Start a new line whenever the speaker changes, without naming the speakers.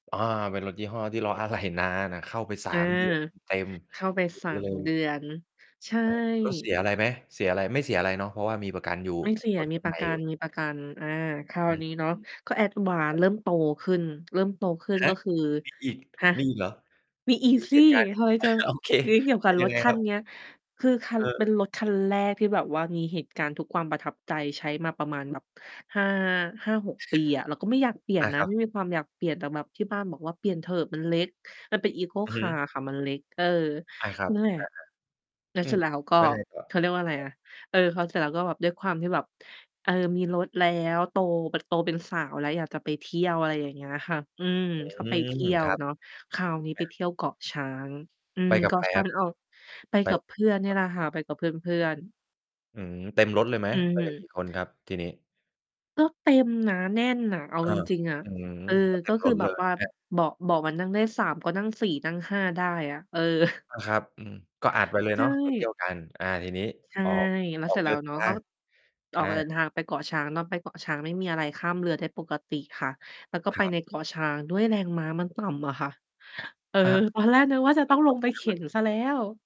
อา เป็นรถยี่ห้อที่ รอ อะไหล่นานอะ เข้าไป สา
อา
ม เดือนเต็ม
เข้าไป
ๆ เก็บ
สา
ไว้
ม
เล
เด
ย
ือน ใช่
อา รถเสียอะไรไหม? เสียอะไร? ไม่เสียอะไรเนาะ เพราะว่ามีประกันอยู่
ไม่เสีย
รถ
มี
ยัง
ป
ใ
ร
หม
ะ
่
กั
อยู่
น ๆ อ่า ครา
อ
ว
ื
น
อ
ี้เนาะ
ฮึ
ก็
คร
advance
ับ
เริ่มโตขึ้น เริ่มโตขึ้น
ฮ
ก
ะ
็คือ
มีอีก
ฮะ
มีอีกเหรอ?
มีอีก
มี
ส
เห
ิ
ตุการณ์
ทำไมจะ
โอเค
เลี้ยงเกี่ยวก
เป
ั
็
บ
นย
ร
ัง
ถ
ไง
คั
คร
น
ับ?
เนี้ย คือคั
เ
น เป็น
ออ
รถคันแรกที่แบบว่ามีเหตุการณ์ทุกความประทับใจ ใช้มาประมาณแบบ 5- 5-6 ปีอะ เราก็ไม่อยากเปลี่ย
อ
น
า
น
ค
ะ
รั
ไม
บ
่มีความอยากเปลี่ยน แต่แบบที่บ้านบอกว่า "เปลี่ยนเถอะ มันเล็ก" มันเป็น eco
อือฮึ
car ค่ะ มันเล็ก เออ
อา ครับ
นั่นแหล
อ
ะ
า
แล้
ๆ
ว
อื
เสร็
อ
จแล้วก็
แล้วไงต่อ?
เขาเรียกว่าอะไร
ครับ
นะ เออ พอ เสร็จแล้วก็ด้วยความที่แบบ เออ มีรถแล้ว โตแบบ โตเป็นสาวแล้ว อยากจะไปเที่ยว อะไรอย่างเงี้ยค่ะ อืม
อื
ก็ไปเ
ม
ที่ย
ค
ว
รับ
เนาะ คราวนี้
อ
ไป
า
เที่ยวเกาะช้าง อื
ไป
ม
กั
เ
บ
กา
ใค
ะ
ร
ช้
ค
า
ร
ง
ับ?
มันออก ไป
ไป
กับเพื่อนน
ค
ี่
รับ
แหละค่ะ ไปกับเพื่อน ๆ
อืม เต็มรถเลยไหม?
อือ
ไป
ฮึ
กันกี่ คนครับทีนี้?
ก็เต็ม นะ แน่นอะ เอา
เออ
จริง ๆ อะ
อือ
เออ
ก็เต
ก
็
็
ม
ค
ร
ือ
ถ
แบ
เล
บ
ย
ว่า
ครับ
เบาะ เบาะมัน นั่งได้ 3 ก็นั่ง 4 นั่ง 5 ได้อะ เออ
อา ครับ อือ ก็อัดไปเลย
ใช
เนาะ ไป เที่ย
่
วกัน อ่า ทีนี้
ใช่
ออก
แล้
อ
ว
อ
เสร
ก
็จแ
เ
ล
ดิ
้ว
น
เน
ท
าะ
า
ก็
ง
อ
อ
อกเดิ
า
นทางไปเกาะช้าง ตอนไปเกาะช้างไม่มีอะไร ข้ามเรือได้ปกติค่ะ แล้วก็
ค
ไป
รั
ใ
บ
น เกาะช้างด้วย แรงม้ามันต่ำอะค่ะ เออ
อา ครับ
ตอนแรกนึกว่า จะ
แล
ต
้
้
ว
อง
เก
ล
าะ
งไ
ช
ป
้า
เ
ง
ข
ม
็
ั
นเ
น
สียแล้ว